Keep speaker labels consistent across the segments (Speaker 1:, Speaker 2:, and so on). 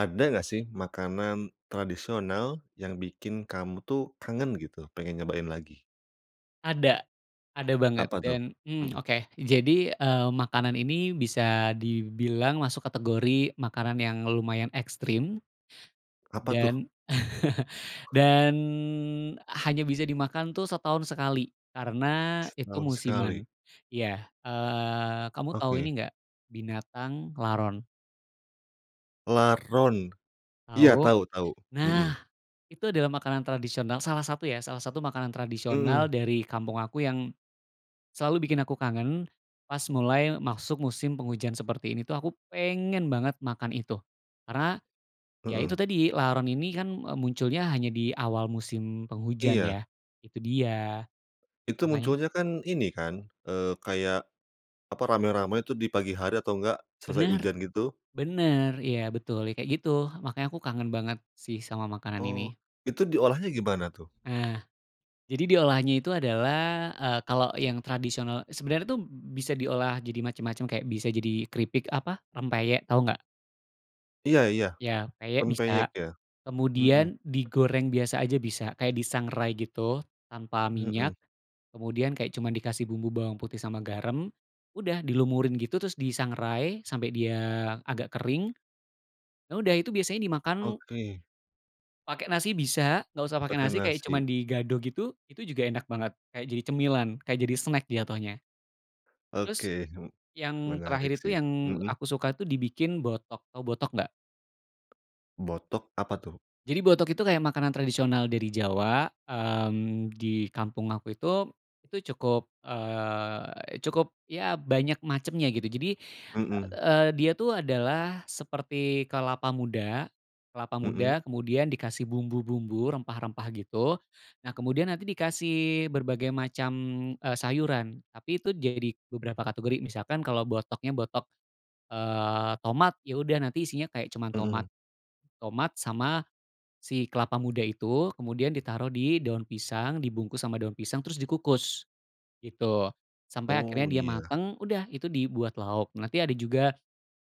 Speaker 1: Ada nggak sih makanan tradisional yang bikin kamu tuh kangen gitu, pengen nyobain lagi?
Speaker 2: Ada, ada banget.
Speaker 1: Apa tuh?
Speaker 2: Dan, mmm,
Speaker 1: Hmm.
Speaker 2: oke, jadi, eee, makanan ini bisa dibilang masuk kategori makanan yang lumayan ekstrim
Speaker 1: Apa tuh?
Speaker 2: dan,
Speaker 1: [unintelligible]
Speaker 2: dan hanya bisa dimakan tuh setahun sekali karena itu
Speaker 1: Setahun sekali.
Speaker 2: musiman. Iya, eee, kamu tahu ini
Speaker 1: Oke.
Speaker 2: nggak, binatang laron?
Speaker 1: Laron. Iya,
Speaker 2: Tahu?
Speaker 1: tau tau, mhm.
Speaker 2: Nah, itu adalah makanan tradisional salah satu, ya, salah satu makanan tradisional
Speaker 1: Mhm.
Speaker 2: dari kampung aku yang selalu bikin aku kangen. Pas mulai masuk musim penghujan seperti ini tuh, aku pengen banget makan itu karena, ya itu
Speaker 1: Mhm.
Speaker 2: tadi, laron ini kan, eee, munculnya hanya di awal musim penghujan
Speaker 1: Iya.
Speaker 2: ya, itu dia,
Speaker 1: Itu
Speaker 2: makanya
Speaker 1: munculnya kan. Ini kan, eee, kayak apa, rame-rame tuh di pagi hari atau enggak selesai
Speaker 2: Benar,
Speaker 1: hujan gitu.
Speaker 2: benar, ya betul, ya kayak gitu. Makanya aku kangen banget sih sama makanan
Speaker 1: Oh,
Speaker 2: ini.
Speaker 1: itu diolahnya gimana tuh?
Speaker 2: Eh. Jadi, diolahnya itu adalah, eee, kalau yang tradisional sebenarnya tuh b bisa diolah jadi macam-macam, kayak bisa jadi keripik, apa, rempeyek. Tahu nggak?
Speaker 1: Iya iya.
Speaker 2: Ya, peyek
Speaker 1: Rempeyek,
Speaker 2: bisa.
Speaker 1: ya. Mhm.
Speaker 2: Kemudian digoreng biasa aja, bisa. Kayak disangrai gitu, tanpa minyak.
Speaker 1: Mhm.
Speaker 2: Kemudian kayak cuma dikasih bumbu bawang putih sama garam, udah dilumurin gitu, terus disangrai sampai dia agak kering. Nah, udah itu biasanya dimakan
Speaker 1: Oke.
Speaker 2: pake nasi bisa, nggak usah pakai
Speaker 1: Pake
Speaker 2: nasi, kayak cuma
Speaker 1: nasi.
Speaker 2: digado gitu. Itu juga enak banget, kayak jadi cemilan, kayak jadi snack jatohnya. Terus,
Speaker 1: Oke, he
Speaker 2: yang
Speaker 1: menarik
Speaker 2: terakhir itu
Speaker 1: sih.
Speaker 2: yang
Speaker 1: Mhm.
Speaker 2: aku suka tuh, dibikin botok. Tahu botok nggak?
Speaker 1: Botok, apa tuh?
Speaker 2: Jadi, botok itu kayak makanan tradisional dari Jawa. Mmm, di kampung aku itu, itu cukup, eee, cukup ya, banyak macamnya, gitu. Jadi,
Speaker 1: Mhm.
Speaker 2: eee, dia tuh adalah seperti kelapa muda. Kelapa muda
Speaker 1: Mhm.
Speaker 2: kemudian dikasih bumbu-bumbu, rempah-rempah gitu. Nah, kemudian nanti dikasih berbagai macam, eee, sayuran, tapi itu jadi beberapa kategori. Misalkan kalau botoknya botok, eee, tomat, ya udah nanti isinya kayak cuma tomat,
Speaker 1: Mhm.
Speaker 2: tomat sama si kelapa muda itu. Kemudian ditaruh di daun pisang, dibungkus sama daun pisang, terus dikukus gitu. Sampai
Speaker 1: Oh,
Speaker 2: akhirnya dia
Speaker 1: iya.
Speaker 2: matang. Udah, itu dibuat lauk. Nanti ada juga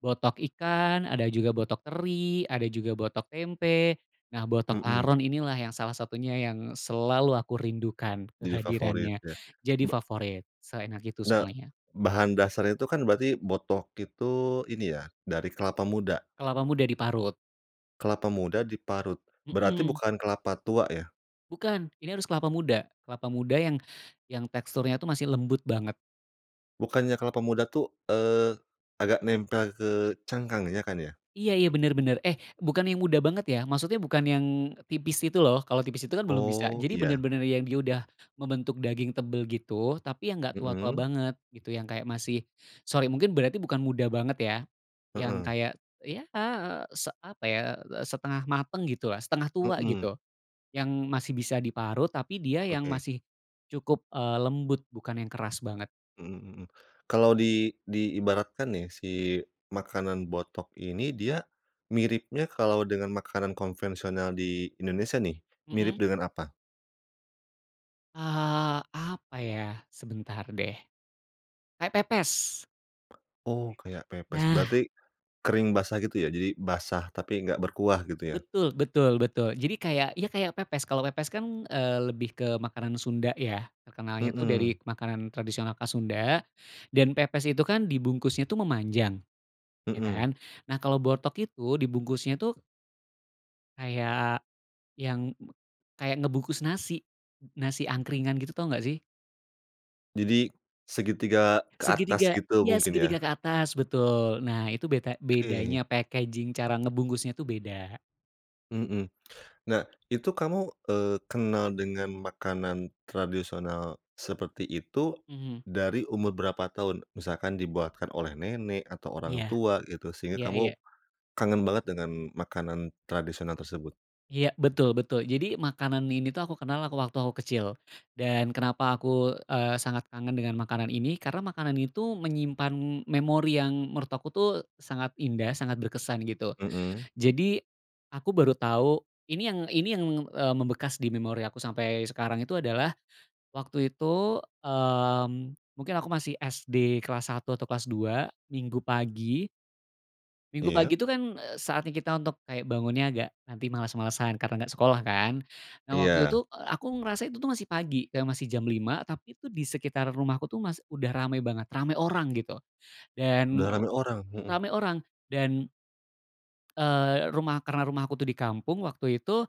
Speaker 2: botok ikan, ada juga botok teri, ada juga botok tempe. Nah, botok
Speaker 1: Mhm.
Speaker 2: laron inilah salah satunya yang selalu aku rindukan
Speaker 1: Jadi favorit
Speaker 2: kehadirannya.
Speaker 1: ya.
Speaker 2: Jadi
Speaker 1: Ba
Speaker 2: favorit, seenak itu
Speaker 1: Ne
Speaker 2: soalnya.
Speaker 1: bahan dasar itu kan berarti botok itu, ini ya dari kelapa muda?
Speaker 2: Kelapa muda diparut.
Speaker 1: Kelapa muda diparut, berarti
Speaker 2: Mhm.
Speaker 1: bukan kelapa tua, ya?
Speaker 2: Bukan, ini harus kelapa muda. Kelapa muda yang, yang teksturnya masih lembut banget.
Speaker 1: Bukannya kelapa muda tuh, eee, agak nempel ke cangkang, ya kan, ya?
Speaker 2: Iya iya, benar benar. Eh, bukan yang muda banget ya, maksudnya bukan yang tipis itu, loh. Kalau tipis itu kan belum bisa
Speaker 1: Oh
Speaker 2: jadi,
Speaker 1: iya.
Speaker 2: benar-benar yang dia udah membentuk daging tebal gitu. Tapi yang nggak tua-tua
Speaker 1: Mhm.
Speaker 2: banget, gitu. Yang kayak masih, sorry mungkin berarti bukan muda banget, ya. Yang
Speaker 1: Mhm.
Speaker 2: kayak, ya, eee, se apa ya, setengah matang gitu, setengah tua
Speaker 1: Mhm.
Speaker 2: gitu. Yang masih bisa diparut, tapi dia yang
Speaker 1: Oke.
Speaker 2: masih cukup, eee, lembut, bukan yang keras banget.
Speaker 1: Mhm mhm. Kalau di diibaratkan nih, si makanan botok ini, dia miripnya kalau dengan makanan konvensional di Indonesia, nih, mirip
Speaker 2: Mhm.
Speaker 1: dengan apa?
Speaker 2: Eee, apa ya, sebentar deh, kayak pepes.
Speaker 1: Oh, kayak pepes
Speaker 2: Nah.
Speaker 1: berarti, kering, basah gitu ya, jadi basah tapi enggak berkuah gitu, ya?
Speaker 2: Betul betul betul. Jadi, kayak, iya kayak pepes. Kalau pepes kan, eee, lebih ke makanan Sunda, ya. Terkenalnya itu
Speaker 1: Mhm.
Speaker 2: dari makanan tradisional khas Sunda. Dan pepes itu kan dibungkusnya tuh memanjang, ya
Speaker 1: Mhm.
Speaker 2: kan? Nah, kalau botok itu dibungkusnya tuh kayak yang, kayak ngebungkus nasi, n-nasi angkringan gitu. Tahu nggak sih?
Speaker 1: Jadi segitiga ke atas
Speaker 2: Segitiga,
Speaker 1: gitu
Speaker 2: ya
Speaker 1: mungkin, ya?
Speaker 2: segitiga ke atas betul. Nah itu beta
Speaker 1: Oke.
Speaker 2: bedanya packaging cara ngebungkusnya tuh beda.
Speaker 1: Mmm. Nah, itu kamu, eee, kenal dengan makanan tradisional seperti itu,
Speaker 2: Mhm.
Speaker 1: dari umur berapa tahun? Misalkan dibuatkan oleh nenek atau
Speaker 2: Iya,
Speaker 1: orang tua gitu, sehingga
Speaker 2: iya
Speaker 1: kamu
Speaker 2: iya.
Speaker 1: kangen banget dengan makanan tradisional tersebut.
Speaker 2: Iya. Betul betul. Jadi, makanan ini tuh aku kenal, aku waktu aku kecil. Dan kenapa aku, eee, sangat kangen dengan makanan ini, karena makanan itu menyimpan memori yang menurut aku tuh sangat indah, sangat berkesan gitu.
Speaker 1: Mhm.
Speaker 2: Jadi, aku baru tahu, ini yang ini yang, eee, membekas di memori aku sampai sekarang itu adalah waktu itu, mmm, mungkin aku masih SD kelas satu atau kelas dua. Minggu pagi. Minggu pagi
Speaker 1: Iya.
Speaker 2: itu kan, eee, saatnya kita untuk, kayak bangunnya agak nanti, males-malesan karena nggak sekolah kan. Nah, waktu
Speaker 1: Iya.
Speaker 2: itu, eee, aku ngerasa itu tuh, masih pagi, masih jam 5, tapi itu di sekitar rumahku tuh mas udah rame banget, rame orang, gitu. Dan,
Speaker 1: Udah
Speaker 2: ee,
Speaker 1: rame orang, mhm.
Speaker 2: rame orang dan eee, rumah, karena rumah aku tuh di kampung, waktu itu,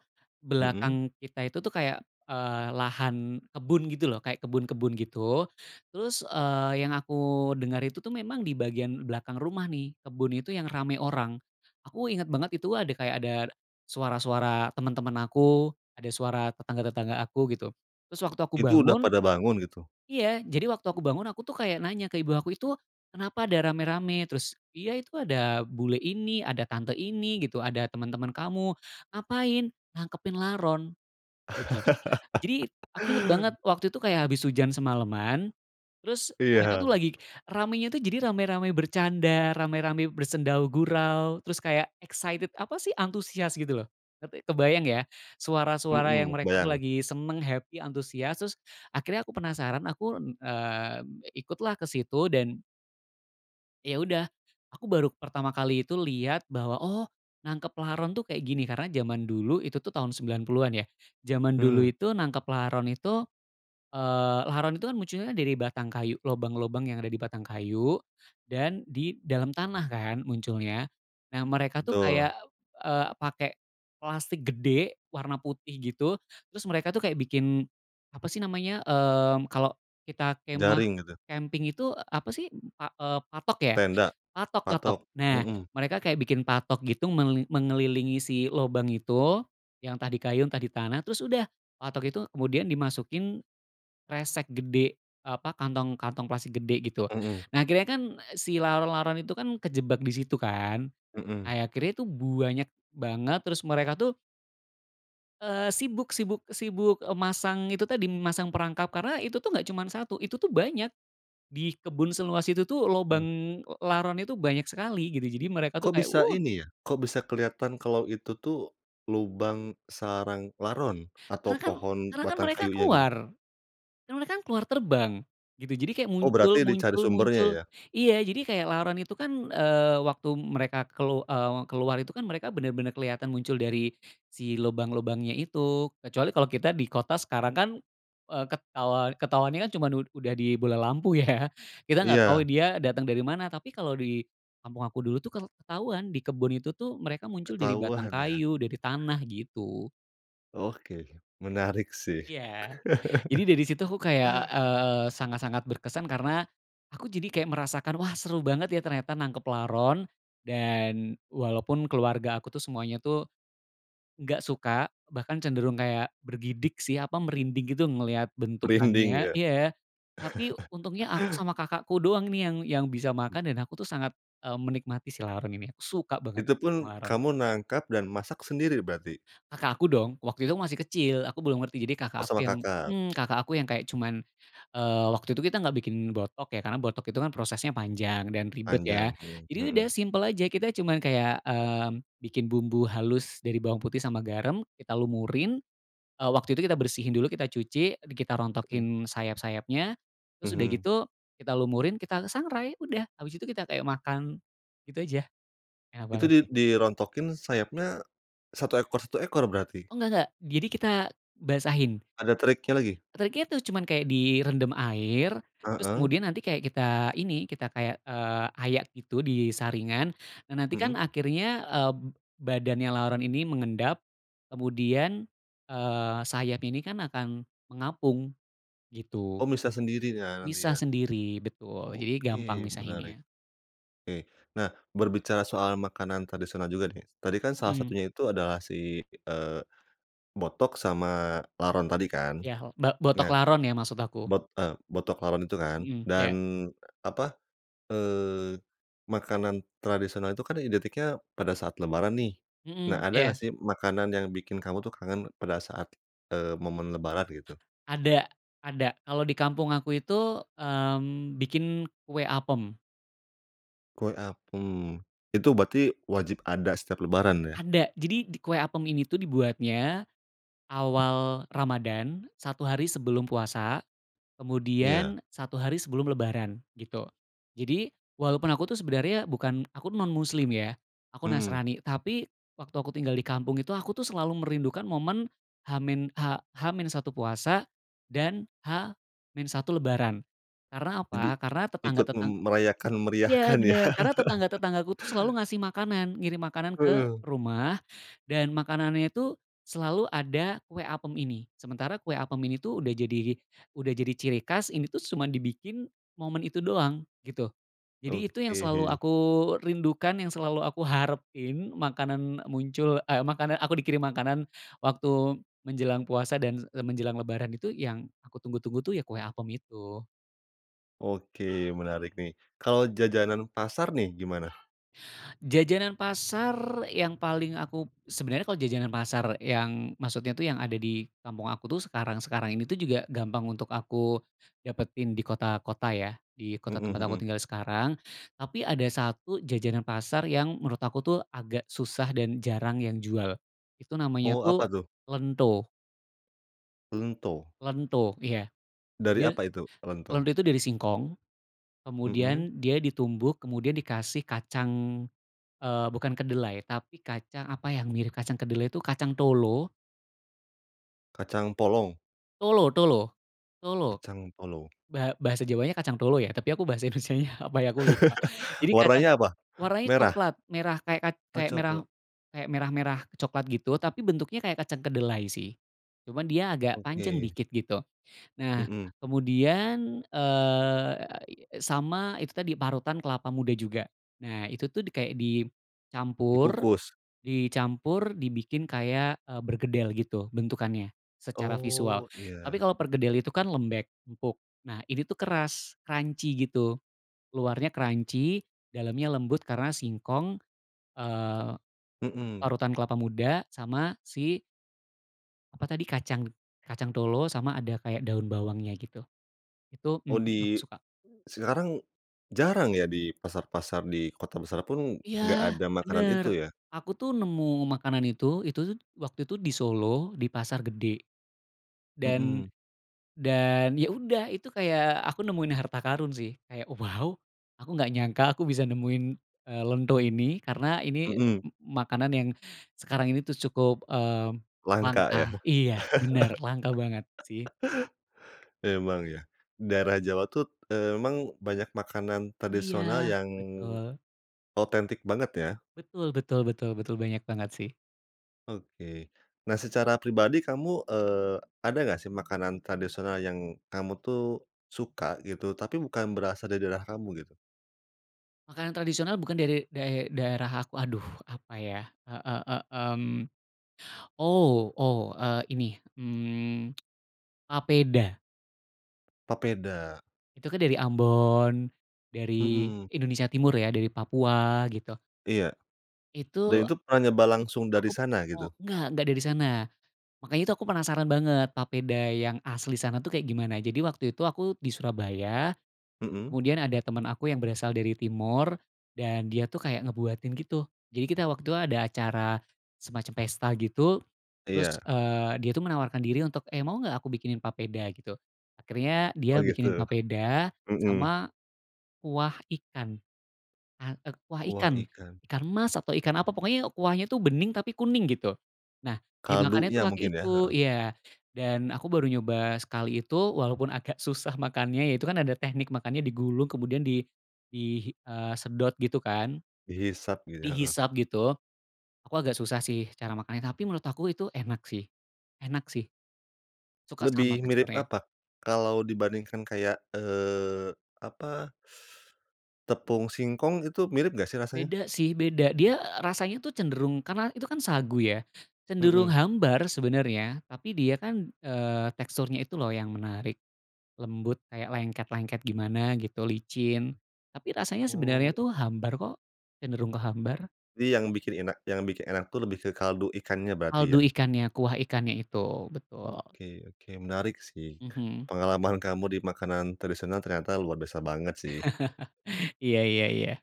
Speaker 1: Mhm.
Speaker 2: belakang kita itu tuh kayak, eee, lahan kebun gitu loh, kayak kebun-kebun gitu. Terus, eee, yang aku dengar, itu tuh memang di bagian belakang rumah nih, kebun itu yang rame orang. Aku inget banget itu ada, kayak ada kayak suara-suara teman-teman aku, ada suara tetangga-tetangga aku, gitu. Terus waktu aku
Speaker 1: Itu udah
Speaker 2: bangun
Speaker 1: pada bangun gitu.
Speaker 2: iya jadi, waktu aku bangun, aku tuh kayak nanya ke ibu aku, "Itu, kenapa ada rame-rame? Terus iya itu ada, bule ini, ada tante ini gitu, ada teman-teman kamu. Ngapain? Nangkepin laron," gitu. Jadi, aku inget banget, waktu itu kayak habis hujan semalaman. Terus mereka tuh
Speaker 1: Iya.
Speaker 2: lagi, ramenya tu jadi, rame-rame bercanda, rame-rame bersendau gurau, terus kayak excited, apa sih, antusias gitu loh, ngerti, kebayang ya, suara-suara yang
Speaker 1: Mhm,
Speaker 2: mereka tuh
Speaker 1: kebayang.
Speaker 2: lagi seneng, happy, antusias. Terus, akhirnya aku penasaran, aku, n eee, ikutlah ke situ. Dan ya udah, aku baru pertama kali itu lihat bahwa, oh, nangkep laron tuh kayak gini. Karena zaman dulu, itu tuh tahun 90-an ya, zaman dulu
Speaker 1: Hmm.
Speaker 2: itu, nangkep laron itu, eee, laron itu kan munculnya dari batang kayu, lobang-lobang yang ada di batang kayu dan di dalam tanah kan munculnya. Nah, mereka tuh
Speaker 1: Betul.
Speaker 2: kayak, p eee, pake plastik gede warna putih gitu, terus mereka tuh kayak bikin, apa sih namanya, mmm, kalau kita kemah,
Speaker 1: Jaring, gitu.
Speaker 2: kemping itu apa sih, pa eee, patok ya,
Speaker 1: Tenda,
Speaker 2: patok patok.
Speaker 1: patok,
Speaker 2: Nah,
Speaker 1: mhm.
Speaker 2: mereka kayak bikin patok gitu, menge mengelilingi si lubang itu, yang tadi kayu, tadi tanah terus udah, patok itu kemudian dimasukin kresek gede, apa kantong, kantong plastik gede, gitu.
Speaker 1: Mhm.
Speaker 2: Nah, akhirnya kan si laron-laron itu kan kejebak di situ kan.
Speaker 1: Mhm.
Speaker 2: Ya akhirnya itu buanyak banget. Terus mereka tuh eee sibuk sibuk sibuk, eee, masang itu tadi masang perangkap, karena itu tuh nggak cuma satu, itu tuh banyak. Di kebun seluas itu tuh, lubang,
Speaker 1: Mhm.
Speaker 2: eee, laronnya itu banyak sekali, gitu. Jadi, mereka tuh
Speaker 1: Kok
Speaker 2: kayak
Speaker 1: bisa
Speaker 2: wuh.
Speaker 1: ini ya, kok bisa kelihatan kalau itu, tuh lubang sarang laron atau
Speaker 2: Karena kan
Speaker 1: pohon
Speaker 2: karena kan
Speaker 1: batang
Speaker 2: mereka
Speaker 1: kayunya gitu?
Speaker 2: keluar karena mereka kan keluar terbang, gitu jadi kayak
Speaker 1: Oh,
Speaker 2: muncul
Speaker 1: berarti dicari
Speaker 2: muncul
Speaker 1: sumbernya
Speaker 2: muncul,
Speaker 1: ya?
Speaker 2: iya jadi kayak laron itu kan, eee, waktu mereka kelu eee, keluar itu kan, mereka bener bener keliatan muncul dari si lubang-lubangnya itu. Kecuali kalau kita di kota, sekarang kan, eee, ketau ketahuannya kan cuma ud udah di bola lampu ya, kita nggak tahu,
Speaker 1: Iya.
Speaker 2: dia datang dari mana. Tapi kalau di kampung aku dulu tuh kel ketauan. Di kebun itu tuh, mereka muncul dari batang
Speaker 1: Ketahuan, ya.
Speaker 2: kayu, dari tanah gitu.
Speaker 1: Oke, menarik sih.
Speaker 2: Iya. Jadi, dari situ, aku kayak, eee, sangat-sangat, berkesan karena, aku jadi kayak merasakan, "Wah seru banget ya ternyata nangkep laron." Dan walaupun keluarga aku tuh semuanya tuh nggak suka, bahkan cenderung kayak bergidik sih, apa, merinding gitu ngelihat
Speaker 1: Dinding,
Speaker 2: bentukannya.
Speaker 1: ya.
Speaker 2: Iya. Tapi untungnya, aku sama kakakku doang nih yang yang bisa
Speaker 1: [unintelligible]
Speaker 2: makan. Dan aku tuh sangat, eee, menikmati si laron ini, suka banget
Speaker 1: Itu pun,
Speaker 2: sama laron.
Speaker 1: kamu nangkap dan masak sendiri berarti.
Speaker 2: Kakak aku dong, waktu itu aku masih kecil, aku belum ngerti. Jadi
Speaker 1: Oh,
Speaker 2: kakak aku
Speaker 1: sama
Speaker 2: yang,
Speaker 1: Kakak.
Speaker 2: mmm, kakak aku yang kayak cuman. Eee, waktu itu, kita nggak bikin botok, ya. Karena botok itu kan prosesnya panjang dan ribet, ya.
Speaker 1: Panjang eh,
Speaker 2: Jadi
Speaker 1: mhm.
Speaker 2: udah, simpel aja, kita cuma kayak, mmm, bikin bumbu halus dari bawang putih sama garam, kita lumurin. Eee, waktu itu kita bersihin dulu, kita cuci, kita
Speaker 1: Mhm.
Speaker 2: rontokin sayap-sayapnya, terus udah
Speaker 1: Mhm.
Speaker 2: gitu kita lumurin, kita sangrai. Udah, abis itu kita kayak makan gitu aja. Enak
Speaker 1: Itu
Speaker 2: banget
Speaker 1: di
Speaker 2: sih.
Speaker 1: di dirontokin sayapnya satu ekor satu ekor, berarti?
Speaker 2: Oh, enggak enggak. Jadi kita basahin.
Speaker 1: Ada triknya lagi?
Speaker 2: Triknya tu cuman kayak direndam air, terus
Speaker 1: Heeh.
Speaker 2: kemudian nanti kayak kita ini, kita kayak, eee, ayak gitu di saringan. Nah, nanti
Speaker 1: Mhm.
Speaker 2: kan akhirnya, eee, badannya laron ini mengendap, kemudian, eee, sayap ini kan akan mengapung, gitu.
Speaker 1: Oh, misah sendiri ya, nanti,
Speaker 2: Misah
Speaker 1: ya?
Speaker 2: sendiri betul, jadi gampang
Speaker 1: Oke, menarik.
Speaker 2: misahinnya.
Speaker 1: Oke, nah berbicara soal makanan tradisional juga nih, tadi kan salah
Speaker 2: Mhm.
Speaker 1: satunya itu adalah si, eee, botok sama laron tadi kan.
Speaker 2: Yah, ba botok
Speaker 1: Nah,
Speaker 2: laron ya, maksud aku.
Speaker 1: bot eee, botok laron itu kan,
Speaker 2: Mhm,
Speaker 1: dan
Speaker 2: ya.
Speaker 1: apa, eee, makanan tradisional itu kan identiknya pada saat Lebaran, nih. Nah,
Speaker 2: Mhm,
Speaker 1: ada nggak
Speaker 2: ya.
Speaker 1: sih makanan yang bikin kamu tuh kangen pada saat, eee, momen Lebaran gitu?
Speaker 2: Ada ada. Kalau di kampung aku itu, mmm, bikin kue apem.
Speaker 1: Kue, apem. Itu berarti wajib ada setiap Lebaran, ya?
Speaker 2: Ada. Jadi, di kue apem ini tuh dibuatnya awal Ramadhan, satu hari sebelum puasa,
Speaker 1: Iya.
Speaker 2: kemudian satu hari sebelum Lebaran gitu. Jadi, walaupun aku tuh sebenarnya bukan, aku tuh non muslim, ya, aku
Speaker 1: Mhm.
Speaker 2: Nasrani. Tapi waktu aku tinggal di kampung itu, aku tuh selalu merindukan momen H min H H-1 puasa dan H-1 Lebaran. Karena
Speaker 1: Jadi
Speaker 2: apa? Karena tetangga,
Speaker 1: ikut m
Speaker 2: tetang
Speaker 1: merayakan,
Speaker 2: ya
Speaker 1: meriahkan ya.
Speaker 2: benar, karena tetangga-tetanggaku tuh selalu ngasih makanan, ngirim makanan ke
Speaker 1: Hmm.
Speaker 2: rumah. Dan makanannya itu selalu ada kue apem ini. Sementara kue apem ini tuh udah jadi udah jadi ciri khas, ini tuh cuma dibikin momen itu doang gitu. Jadi, itu yang selalu
Speaker 1: Oke.
Speaker 2: aku rindukan, yang selalu aku harapin. Makanan muncul, eee, makanan aku dikirim makanan waktu menjelang puasa dan e, menjelang lebaran itu yang aku tunggu-tunggu tuh, ya kue apem itu.
Speaker 1: Oke menarik nih, kalau jajanan pasar nih, gimana?
Speaker 2: Jajanan pasar yang paling aku, sebenarnya kalau jajanan pasar yang maksudnya tuh yang ada di kampung aku tuh, sekarang-sekarang ini tuh juga gampang untuk aku dapetin di kota-kota ya, di kota
Speaker 1: Mhm
Speaker 2: tempat aku
Speaker 1: mhm.
Speaker 2: tinggal sekarang. Tapi ada satu jajanan pasar yang menurut aku tuh, agak susah dan jarang yang jual. Itu namanya
Speaker 1: Oh, apa
Speaker 2: tuh
Speaker 1: tuh?
Speaker 2: lento.
Speaker 1: Lento.
Speaker 2: Lento, iya,
Speaker 1: Dari
Speaker 2: dia.
Speaker 1: apa itu lento?
Speaker 2: Lento itu dari singkong.
Speaker 1: Mhm.
Speaker 2: Kemudian dia ditumbuk, kemudian dikasih kacang, eee, bukan kedelai, tapi kacang apa yang mirip kacang kedelai tu, kacang tolo.
Speaker 1: Kacang polong.
Speaker 2: Tolo tolo tolo,
Speaker 1: Kacang polong.
Speaker 2: ba bahasa Jawanya kacang tolo, ya. Tapi aku bahasa Indonesianya, apa yah, aku lupa. Jadi kacang,
Speaker 1: Warnanya apa
Speaker 2: warnanya
Speaker 1: merah?
Speaker 2: coklat, merah, kaya kac
Speaker 1: Oh,
Speaker 2: kayak merah
Speaker 1: coklat.
Speaker 2: kayak merah, merah coklat gitu tapi bentuknya kayak kacang kedelai sih, cuma dia agak panjang
Speaker 1: Oke.
Speaker 2: sedikit gitu. Nah,
Speaker 1: Mhm.
Speaker 2: kemudian, e a i sama itu tadi parutan kelapa muda juga. Nah, itu tuh kayak dicampur,
Speaker 1: Dikukus.
Speaker 2: dicampur dibikin kayak, eee, berkedel gitu bentukannya secara visual.
Speaker 1: Oh,
Speaker 2: Tapi
Speaker 1: iya.
Speaker 2: kalau perkedel kan lembek, empuk. Nah, ini tuh keras, crunchy gitu. Luarnya crunchy, dalamnya lembut karena singkong, eee,
Speaker 1: Mhm.
Speaker 2: parutan kelapa muda, sama si apa tadi kacang, kacang tolo, sama ada kayak daun bawangnya gitu. Itu,
Speaker 1: Oh,
Speaker 2: mmm, aku
Speaker 1: di
Speaker 2: suka.
Speaker 1: sekarang jarang ya? Di pasar-pasar, di kota besar pun
Speaker 2: Iya,
Speaker 1: nggak ada makanan
Speaker 2: benar.
Speaker 1: itu, ya?
Speaker 2: Aku tuh, nemu makanan itu, itu tuh, waktu itu di Solo, di Pasar Gede. Dan,
Speaker 1: Mhm.
Speaker 2: dan ya udah, itu kayak aku nemuin harta karun sih. Kayak, waw, aku nggak nyangka aku bisa nemuin, eee, lento ini, karena ini
Speaker 1: Mhm.
Speaker 2: m makanan sekarang ini tuh cukup, eee,
Speaker 1: Langka,
Speaker 2: langka
Speaker 1: ya?
Speaker 2: iya, benar, langka banget sih.
Speaker 1: Emang ya, daerah Jawa tuh, eee, emang banyak makanan tradisional
Speaker 2: Iya,
Speaker 1: yang
Speaker 2: betul.
Speaker 1: otentik banget, ya.
Speaker 2: Betul betul betul betul. Banyak banget sih.
Speaker 1: Oke, nah secara pribadi kamu, eee, ada nggak sih makanan tradisional yang kamu tuh suka gitu, tapi bukan berasal dari daerah kamu gitu?
Speaker 2: Makanan tradisional bukan dari dari dae daerah aku aduh, apa ya. E e e mmm. Oh oh, eee, ini, mmm, papeda.
Speaker 1: Papeda.
Speaker 2: Itu kan dari Ambon, dari
Speaker 1: Mhm.
Speaker 2: Indonesia Timur ya, dari Papua gitu.
Speaker 1: Iya, dan
Speaker 2: Itu.
Speaker 1: itu pernah nyoba langsung dari
Speaker 2: Aku p
Speaker 1: sana,
Speaker 2: mo
Speaker 1: gitu?
Speaker 2: enggak, enggak dari sana, makanya itu aku penasaran banget papeda yang asli sana tuh, kayak gimana. Jadi waktu itu, aku di Surabaya,
Speaker 1: Mhm.
Speaker 2: kemudian ada teman aku yang berasal dari Timor, dan dia tuh kayak ngebuatin gitu. Jadi kita waktu itu ada acara semacam pesta gitu, terus,
Speaker 1: Iya.
Speaker 2: eee, dia tuh menawarkan diri untuk, “Eh, mau gak aku bikinin papeda?” gitu. Akhirnya
Speaker 1: Oh,
Speaker 2: dia bikinin
Speaker 1: gitu.
Speaker 2: papeda
Speaker 1: Mhm.
Speaker 2: sama kuah ikan, ka k kuah
Speaker 1: Kuah
Speaker 2: ikan,
Speaker 1: ikan.
Speaker 2: ikan mas atau ikan apa, pokoknya kuahnya tuh bening tapi kuning gitu. Nah, dimakannya tuh
Speaker 1: Kaldunya
Speaker 2: pakai
Speaker 1: mungkin ya?
Speaker 2: itu
Speaker 1: Heeh.
Speaker 2: iya, dan aku baru nyoba sekali itu. Walaupun agak susah makannya ya, itu kan ada teknik makannya, digulung kemudian di di, hi eee, sedot gitu, kan.
Speaker 1: Dihisap gitu, heeh.
Speaker 2: Dihisap gitu. Aku agak susah sih cara makannya, tapi menurut aku itu enak sih enak sih. Suka sama
Speaker 1: Lebih mirip
Speaker 2: teksturnya.
Speaker 1: apa, kalau dibandingkan kayak, eee, apa? Tepung singkong, itu mirip nggak sih rasanya?
Speaker 2: Beda sih, beda. Dia, eee, rasanya tuh cenderung, karena itu kan sagu ya, cenderung
Speaker 1: Mhm.
Speaker 2: hambar sebenarnya. Tapi dia kan, eee, teksturnya itu loh yang menarik, lembut, kayak lengket-lengket gimana gitu, licin. Tapi rasanya sebenarnya
Speaker 1: Oh.
Speaker 2: tuh hambar kok, cenderung ke hambar.
Speaker 1: Jadi, yang bikin enak yang bikin enak tuh, lebih ke kaldu ikannya berarti,
Speaker 2: Kaldu
Speaker 1: ya.
Speaker 2: ikannya, kuah ikannya itu. Betul.
Speaker 1: Oke oke, menarik sih.
Speaker 2: Mhm.
Speaker 1: Pengalaman kamu di makanan tradisional ternyata luar biasa banget, sih.
Speaker 2: Iya iya iya.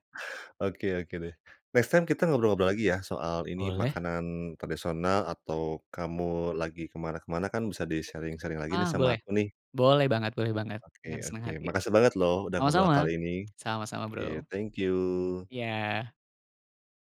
Speaker 1: Oke oke deh, next time kita ngobrol lagi ya soal ini,
Speaker 2: Boleh.
Speaker 1: makanan tradisional. Atau kamu lagi ke mana ke mana kan bisa di-sharing-sharing lagi nih
Speaker 2: Ah,
Speaker 1: sama
Speaker 2: boleh.
Speaker 1: aku, nih.
Speaker 2: Boleh banget boleh banget,
Speaker 1: Oke
Speaker 2: dengan senang
Speaker 1: oke,
Speaker 2: hati.
Speaker 1: makasih banget loh udah ngobrol
Speaker 2: Sama-sama,
Speaker 1: kali ini.
Speaker 2: sama-sama,
Speaker 1: Oke,
Speaker 2: Bro.
Speaker 1: thank you.
Speaker 2: Iya.